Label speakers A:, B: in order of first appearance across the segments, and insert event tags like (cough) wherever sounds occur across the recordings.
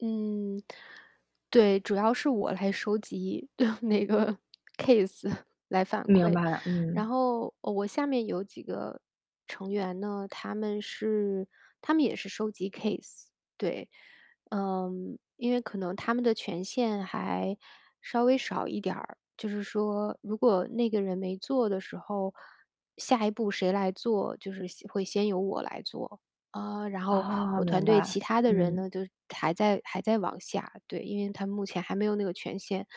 A: 嗯。对，主要是我来收集 (chuckles) 对，那个 case，(chuckles) 来反
B: 明
A: 馈。
B: 白了，
A: 然
B: 嗯。
A: 后，呃，我下面有几个成员呢，他们是他们也是收集 case，对。嗯，因为可能他们的权限还稍微少一点儿。就是说，如果那个人没做的时候，下一步谁来做，就是先会先由我来做。啊，然后
B: 哦，
A: 我团
B: 明
A: 队其
B: 白，
A: 他的人
B: 嗯。
A: 呢，就是还在还在往下，对，因为他目前还没有那个权限。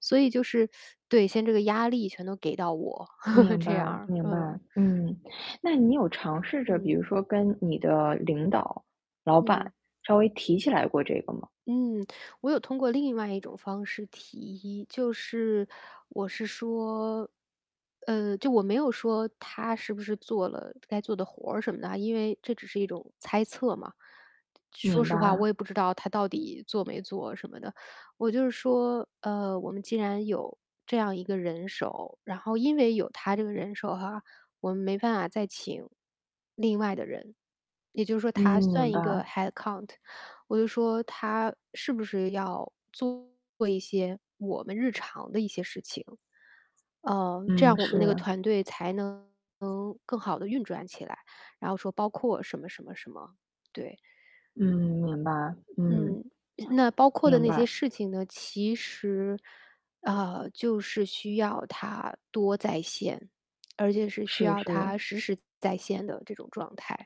A: 所以就是 (sucks teeth) 对，现这个压力全都给到我，(laughs)
B: 明
A: 这样
B: 白
A: 儿，
B: 明白，
A: 嗯。
B: 嗯。那你有尝试着比
A: 嗯。
B: 如说跟你的领导、老
A: 嗯。
B: 板，稍微提起来过这个吗？
A: 嗯，我有通过另外一种方式提议，就是我是说呃，就我没有说她是不是做了该做的活儿什么的啊，因为这只是一种猜测嘛。说
B: 明
A: 实话我
B: 白。
A: 也不知道她到底做没做什么的。我就是说，嗯，我们既然有这样一个人手，然后因为有她这个人手哈，我们没办法再请另外的人。也就是说
B: 嗯，
A: 她
B: 明
A: 算一个
B: 白。
A: headcount。我就说她是不是要做一些我们日常的一些事情，嗯，这
B: 嗯，
A: 样我们那个
B: 是。
A: 团队才能更好地运转起来，然后说包括什么什么什么，对。
B: 嗯，明白。嗯，
A: 嗯，那包括的
B: 明
A: 那些
B: 白。
A: 事情呢，其实，呃，就是需要她多在线，而且是需
B: 是
A: 要
B: 是。
A: 她时时在线的这种状态。